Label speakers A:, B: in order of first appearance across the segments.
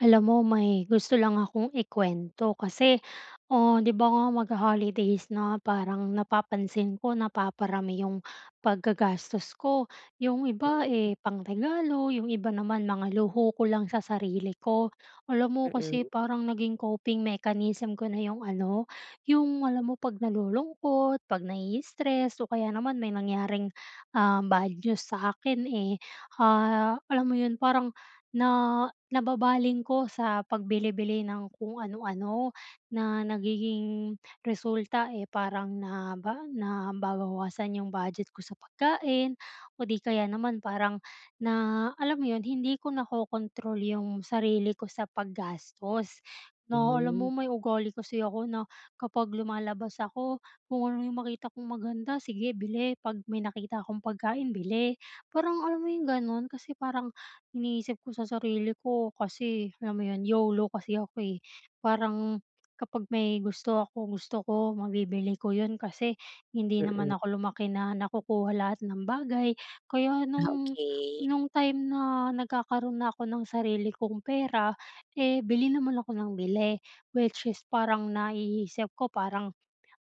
A: Alam mo, may gusto lang akong ikuwento. Kasi, oh 'di ba nga, magho-holidays na. Parang napapansin ko, napaparami 'yong paggagastos ko. 'Yong iba,
B: Hmm.
A: eh, pang-regalo, 'yong iba naman mga luho ko lang sa sarili ko. Alam mo, kasi
B: Mm.
A: parang naging coping mechanism ko na 'yong ano 'yong alam mo, 'pag nalulungkot 'pag nai-stress o kaya naman may nangyaring, um, bad news sa akin, eh, ah, alam mo 'yon, parang na nababaling ko sa pagbili-bili ng kung ano-ano na nagiging resulta, eh, parang naba nababawasan 'yong budget ko sa pagkain o 'di kaya naman parang na alam 'yon, hindi ko nako-control 'yong sarili ko sa paggastos, na alam
B: Hmm.
A: mo, may ugali kasi ako na kapag lumalabas ako, kung ano 'yong makita kong maganda, sige bili. 'Pag may nakita akong pagkain, bili. Parang alam mo 'yong gano'n? Kasi parang iniisip ko sa sarili ko kasi, alam mo 'yon, YOLO kasi ako, eh. Parang, kapag may gusto ako, gusto ko mabibili ko 'yon kasi, hindi
B: Mm.
A: naman ako lumaki na nakukuha lahat ng bagay. Kaya
B: Ah,
A: no'ng
B: okey.
A: no'ng time na nagkakaroon na ako ng sarili kong pera, eh, bili naman ako nang bili. Which is parang naiisip ko parang,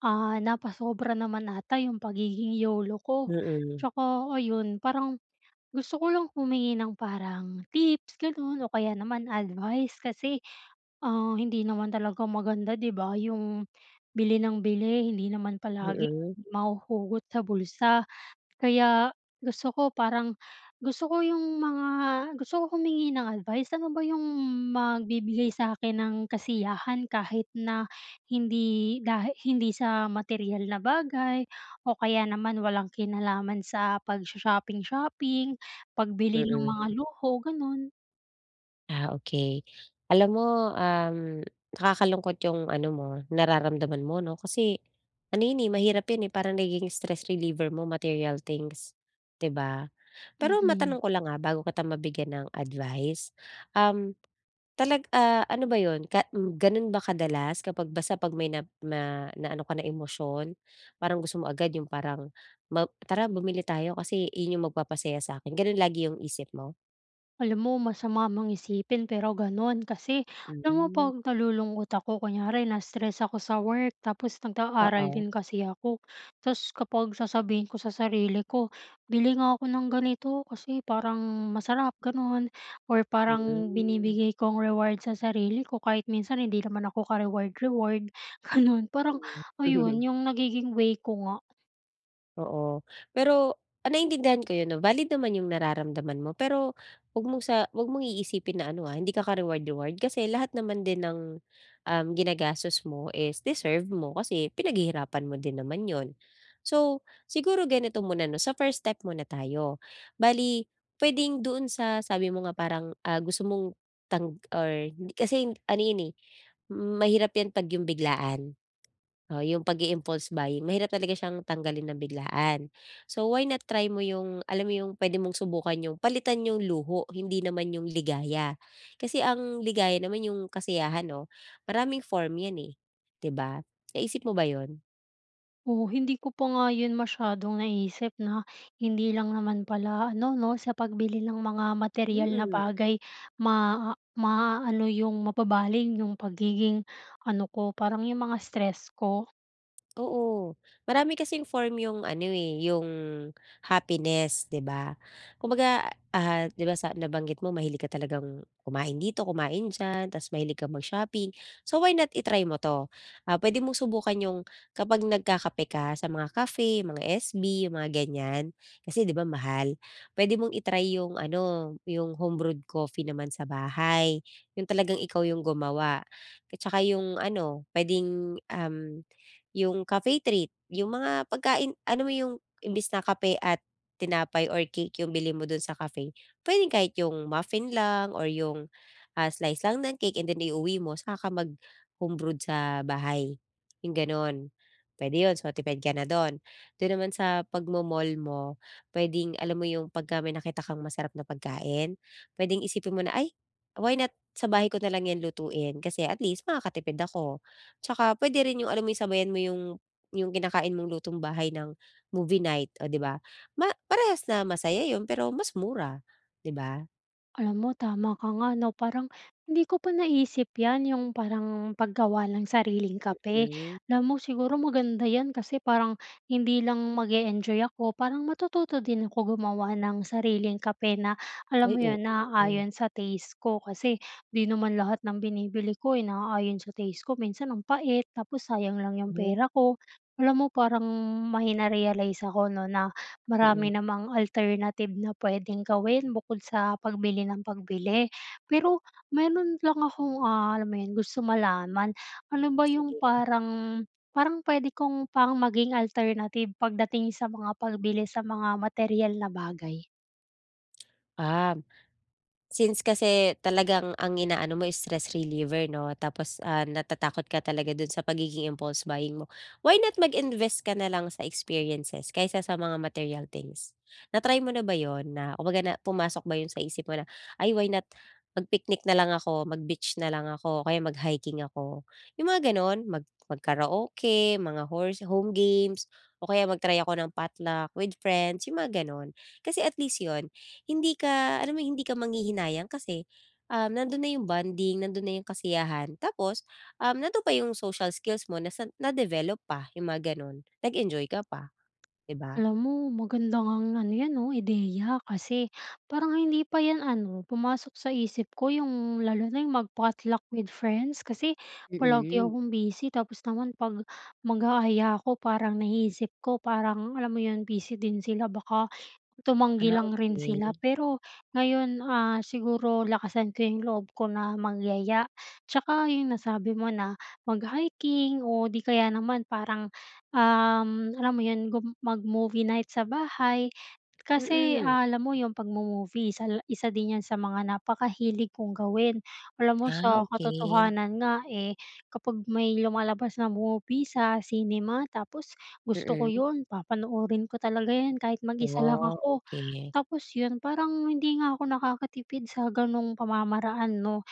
A: ah, napasobra naman 'ata 'yong pagiging YOLO ko.
B: Mm.
A: Tsaka ayon, parang, gusto ko lang humingi ng parang tips, gano'n, o kaya naman advice. Kasi, ah, hindi naman talaga maganda, 'di ba, 'yong bili nang bili. Hindi naman palagi
B: Mm.
A: mahuhugot sa bulsa. Kaya gusto ko parang gusto ko 'yong mga gusto ko humingi ng advice. Ano ba 'yong magbibigay sakin ng kasiyahan kahit na hindi dahi hindi sa materyal na bagay o kaya naman walang kinalaman sa pagsho-shopping-shopping, pagbili no'g mga
B: Mm.
A: luho, gano'n?
B: Ah, okey. Alam mo, um, nakakalungkot 'yong ano mo, nararamdaman mo 'no? Kasi ano yan, eh, mahirap 'yan, eh, parang nagiging stress reliever mo, material things, di ba? Pero
A: Mhm.
B: matanong ko lang, ah, bago kita mabigyan ng advice, um, talag ah, ano ba 'yon? Ka m gano'n ba kadalas, kapag basta pag may nap ma naano ka na emosyon? Parang gusto mo agad 'yong parang, "Map tara bumili tayo, kasi iyon yung magpapasaya sakin." gano'n lagi 'yong isip mo?
A: Alam mo, masama mang isipin pero gano'n, kasi alam mo,
B: Hmm.
A: pag nalulungkot ako, kunyari na-stress ako sa work, tapos nag-aaral
B: Oo.
A: din kasi ako, ta's kapag sasabihin ko sa sarili ko, "Bili nga ako ng ganito, kasi parang masarap." gano'n or parang
B: Hmm.
A: binibigay kong reward sa sarili ko, kahit minsan hindi naman ako ka-reward-reward, gano'n. Parang
B: Mm.
A: ayon, yung nagiging way ko nga.
B: Oo, pero, ah, naiintindihan ko yun, 'no? Valid naman yung nararamdaman mo, pero huwag mong sa huwag mong iisipin na ano, ah, hindi ka ka reward-reward. Kasi lahat naman din ng, um, ginagastos mo is deserve mo, kasi pinaghihirapan mo din naman 'yon. So, siguro ganito muna 'no, sa first step muna tayo. Bale puwedeng doon sa sabi mo nga parang, ah, gusto mong tang or hindi kasi, yun ano 'yon, eh, mahirap yan 'pag 'yong biglaan. Oo, 'yong pag-i-impulse buying, mahirap talaga siyang tanggalin nang biglaan. So why not, try mo 'yong, alam mo 'yong, puwede mong subukan 'yong, palitan 'yong luho, hindi naman 'yong ligaya. Kasi ang ligaya naman 'yong kasiyahan 'no? Maraming form yan, eh, 'di ba, naisip mo ba 'yon?
A: Oh, hindi ko pa nga yun masyadong naisip 'no? Hindi lang naman pala ano 'no, sa pagbili ng mga materyal na
B: Mm.
A: bagay maa maaano yung, mababaling yung pagiging ano ko, parang yung mga stress ko.
B: Oo. Marami kasing form 'yong ano, eh, 'yong happiness di ba? Kumbaga, ah, di ba sa nabanggit mo, mahilig ka talagang kumain dito, kumain diyan. Ta's mahilig ka mag-shopping, so why not, i-try mo 'to? Ah, puwede mong subukan 'yong kapag nagkakape ka sa mga cafe, mga SB, yung mga ganyan, kasi di ba mahal? Puwede mong i-try 'yong ano, 'yong home-brewed coffee naman sa bahay, yung talagang ikaw yung gumawa. At tsaka yung ano, puwedeng, um, 'yong cafe treat, yung mga pagkain, ano mo yung, imbis na kape at tinapay or cake 'yong bilhin mo do'n sa cafe, puwedeng kahit 'yong muffin lang or 'yong, ah, slice lang ng cake, and then i-uwi mo, saka ka mag-home-brewed sa bahay, yong gano'n, puwede 'yon, so tipid ka na do'n. Dun naman sa pag-mo-mall mo, pwedeng alam mo yung pagka may nakita kang masarap na pagkain, pwedeng isipin mo na, "Ay, why not sa bahay ko na lang yan lutuin, kasi at least makakatipid ako." Tsaka pwede rin yung alam mo yung, sabayan mo yung yung kinakain mong lutong-bahay ng movie night o di ba? Ma parehas na masaya 'yon, pero mas mura, di ba?
A: Alam mo, tama ka nga, 'no, parang hindi ko po naisip 'yan, 'yong parang paggawa ng sariling kape.
B: Mm.
A: Alam mo, siguro maganda 'yan, kasi parang hindi lang mag-e-enjoy ako parang matututo din ako gumawa ng sariling kape na, alam
B: Ay,
A: mo 'yon,
B: oo.
A: naaayon sa taste ko kasi 'di naman lahat ng binibili ko eh, naayon sa taste ko. Minsan, ang pait tapos sayang lang 'yung pera ko. Alam mo, parang may na-realize ako, 'no, na
B: Mm.
A: marami namang alternative na pwedeng gawin bukod sa pagbili ng pagbili. Pero meron lang akong ah, alam mo 'yon, gusto malaman. Ano ba 'yong
B: Sige.
A: parang parang pwede kong pang maging alternative pagdating sa mga pagbili sa mga materyal na bagay?
B: Um. Since kasi talagang ang inaano mo stress reliever, 'no, tapos, ah, natatakot ka talaga dun sa pagiging impulse buying mo. Why not mag-invest ka nalang sa experiences kaysa sa mga material things? Na-try mo na ba 'yon, na kumbaga, na pumasok ba 'yun sa isip mo na, "Ay why not, mag-picnic na lang ako, mag-beach na lang ako o kaya mag-hiking ako?" 'Yung mga ganun, mag mag-karaoke, mga horse home games o kaya mag-try ako ng potluck with friends, 'yong mga gano'n. Kasi at least 'yon hindi ka alam mo, 'yung hindi ka manghihinayang kasi, um, nando'n na 'yong bonding, nando'n na 'yong kasiyahan, tapos, um, nando'n pa 'yong social skills mo, nasan na-develop pa, 'yong mga gano'n. Nag-enjoy ka pa, 'di ba?
A: Alam mo, maganda ngang ano yan, 'no, ideya kasi parang hindi pa yan ano pumasok sa isip ko, 'yung lalo na 'yong mag-potluck with friends kasi palagi
B: Mhm.
A: akong busy tapos naman, 'pag mag-aaya ako, parang naiisip ko, parang alam mo 'yun, busy din sila baka tumanggi
B: Ah,
A: lang rin sila.
B: okey.
A: Pero ngayon, ah, siguro lakasan ko 'yung loob ko na magyaya. Tsaka 'yung nasabi mo na mag-hiking o di kaya naman parang, um, alam mo 'yun, gum mag-movie night sa bahay. Kasi
B: Mm.
A: alam mo, 'yung 'pagmo-movie isa la isa din yan sa mga napakahilig kong gawin. Alam mo
B: Ah,
A: sa
B: okey.
A: katotohanan nga eh, kapag may lumalabas na movie sa cinema tapos gusto ko
B: Mm.
A: 'yun, papanoorin ko talaga 'yun kahit, mag isa lang
B: Wa,
A: ako.
B: okey.
A: Tapos 'yun, parang hindi nga ako nakakatipid sa ganong pamamaraan 'no?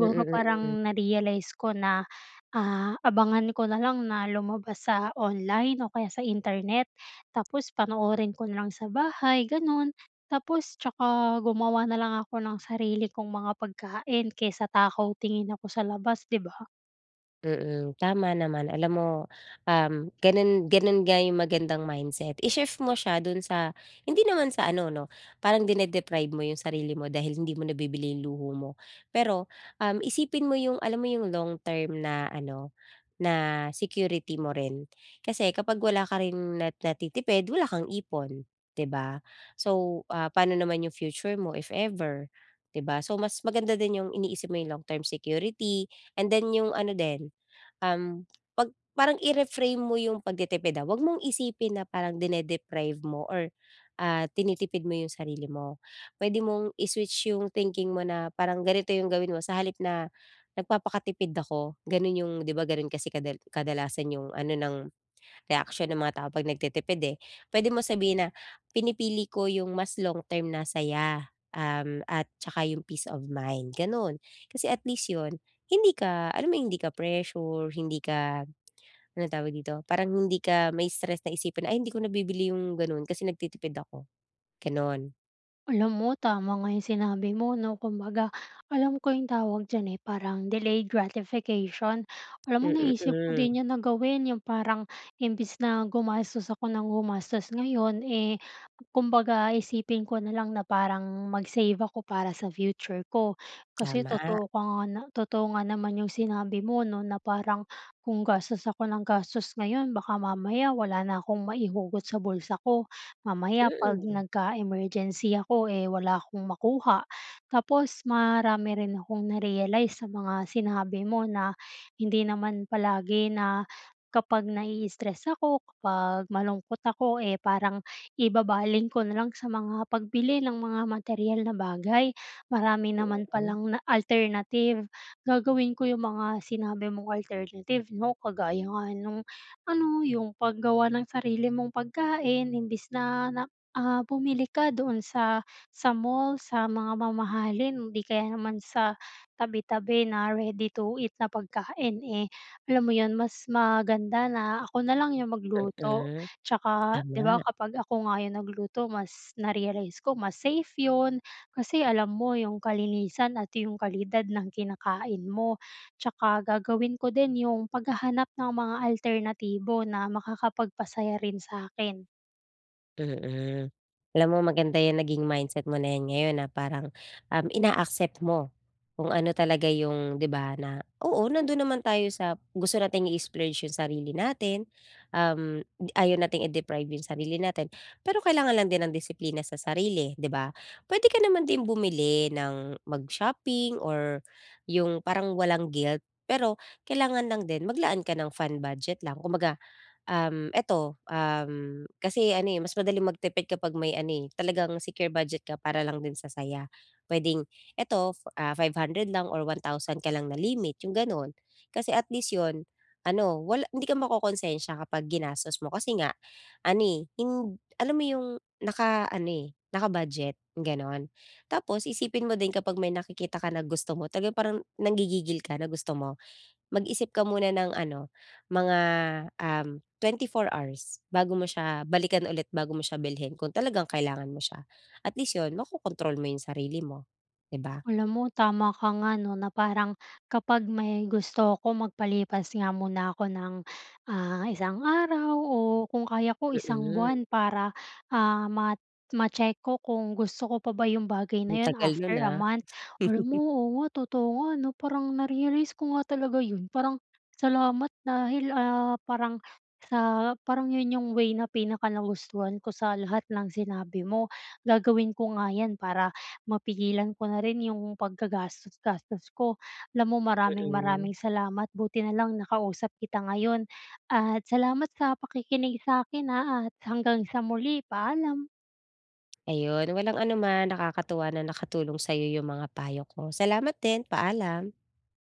B: Mm, mm.
A: parang na-realize ko na ah abangan ko na lang na lumabas sa online o kaya sa internet tapos panoorin ko na lang sa bahay, ganun. Tapos tsaka gumawa na lang ako ng sarili kong mga pagkain kaysa takaw-tingin ako sa labas, 'di ba?
B: Mm. Tama naman. Alam mo, um, gano'n gano'n nga 'yong magandang mindset. I-shift mo siya do'n sa hindi naman sa ano 'no, parang dine-deprive mo 'yong sarili mo dahil hindi mo nabibili 'yong luho mo, pero, um, isipin mo 'yong alam mo 'yong long term na ano, na security mo rin. Kasi kapag wala ka ring na natitipid wala kang ipon, 'di ba? So, ah, pa'no naman 'yong future mo, if ever, 'di ba. So mas maganda din 'yong iniisip mo 'yong long-term security and then 'yong ano din, um, pag parang i-reframe mo 'yong pagtitipid, ah. Huwag mong isipin na parang dine-deprive mo or, ah, tinitipid mo 'yong sarili mo. Puwede mong i-switch 'yong thinking mo na parang ganito 'yong gawin mo: sa halip na, nagpapakatipid ako, gano'n 'yong diba gano'n kasi kadal kadalasan 'yong ano ng reaksyon ng mga tao 'pag nagtitipid, eh, pwede mo sabihin na, "Pinipili ko 'yong mas long-term na saya, um, at saka 'yong peace of mind," gano'n. Kasi at least 'yon hindi ka alam mo 'yong hindi ka pressure, hindi ka anong tawag dito, parang hindi ka mai-stress na isipin, "Ay, hindi ko nabibili 'yong gano'n kasi nagtitipid ako," gano'n.
A: Alam mo, tama nga 'yong sinabi mo, 'no. Kumbaga, alam ko 'yong tawag diyan, eh, parang delayed gratification. Alam mo
B: Mm,
A: naisip ko
B: hmm.
A: din 'yan na gawin 'yong parang imbis na gumastos ako nang gumastos ngayon, eh, kumbaga isipin ko na lang na parang mag-save ako para sa future ko. Kasi
B: Tama.
A: totoo ka nga na totoo nga naman 'yong sinabi mo, 'no, na parang kung gastos ako ng gastos ngayon baka mamaya wala na kong maihugot sa bulsa ko. Mamaya 'pag
B: Mm.
A: nagka-emergency ako, eh, wala akong makuha. Tapos marami rin akong na-realize sa mga sinabi mo na hindi naman palagi na, kapag naii-stress ako, kapag malungkot ako, eh, parang ibabaling ko na lang sa mga pagbili ng mga materyal na bagay. Marami
B: Mm,
A: naman
B: hmm.
A: palang na alternative. Gagawin ko 'yong mga sinabi mong alternative, 'no. Kagaya nga no'ng ano 'yong paggawa ng sarili mong pagkain imbis na nak ah, bumili ka doon sa, sa mall, sa mga mamahalin. 'Di kaya naman sa tabi-tabi na ready-to-eat na pagkain, eh. Alam mo 'yon, mas maganda na ako na lang 'yong magluto.
B: Mm.
A: 'Tsaka, 'di ba,
B: Tama.
A: kapag ako nga 'yong nagluto mas, na-realize ko mas safe 'yon kasi alam mo 'yong kalinisan at 'yong kalidad ng kinakain mo. 'Tsaka gagawin ko din 'yong paghahanap ng mga alternatibo na makakapagpasaya rin sa 'kin.
B: Mm. Alam mo, maganda 'yan naging mindset mo na 'yan ngayon na parang, um, ina-accept mo kung ano talaga 'yong, 'di ba, na oo, nando'n naman tayo sa gusto nating i-splurge 'yong sarili natin, um, ayaw nating i-deprive 'yong sarili natin pero kailangan lang din ng disiplina sa sarili, 'di ba? Puwede ka naman din bumili ng mag-shopping or 'yong parang walang guilt. Pero kailangan lang din maglaan ka ng fun budget lang kumbaga, um, eto, um, kasi ano, eh, mas madaling magtipid kapag may ano, eh, talagang secure budget ka para lang din sa saya. Puwedeng eto, ah, fo 500 lang or 1,000 ka lang na limit, 'yong gano'n, kasi at least 'yon, ano, wala hindi ka makokonsensya kapag ginastos mo kasi nga ano, eh, hind alam mo 'yong naka-ano, eh, naka-budget, gano'n. Tapos isipin mo din kapag may nakikita ka na gusto mo talaga, parang nanggigigil ka na gusto mo, mag-isip ka muna ng ano, mga, um, 24 hours bago mo siya balikan ulit, bago mo siya bilhin kung talagang kailangan mo siya. At least 'yon makokontrol mo 'yong sarili mo, 'di ba?
A: Alam mo tama ka nga, 'no, na parang kapag may gusto ako magpalipas nga muna ako ng, ah, isang araw o kung kaya ko, isang
B: Mm.
A: buwan para, ah, ma ma-check ko kung gusto ko pa ba 'yong bagay na
B: Ang
A: 'yon
B: tagal no'n
A: after a
B: ha.
A: month. Alam mo, oo nga, totoo nga, 'no? Parang na-realize ko nga talaga 'yon. Parang, salamat dahil, ah, parang sa parang 'yon 'yong way na pinaka-nagustuhan ko sa lahat ng sinabi mo. Gagawin ko nga 'yan para mapigilan ko na rin 'yong paggagastos-gastos ko. Alam mo, maraming-maraming
B: Mm.
A: salamat. Buti na lang nakausap kita ngayon. At salamat sa pakikinig sa akin, ha, at hanggang sa muli. Paalam.
B: Ayun, walang anuman. Nakakatuwa na nakatulong sa 'yo 'yong mga payo ko. Salamat din. Paalam.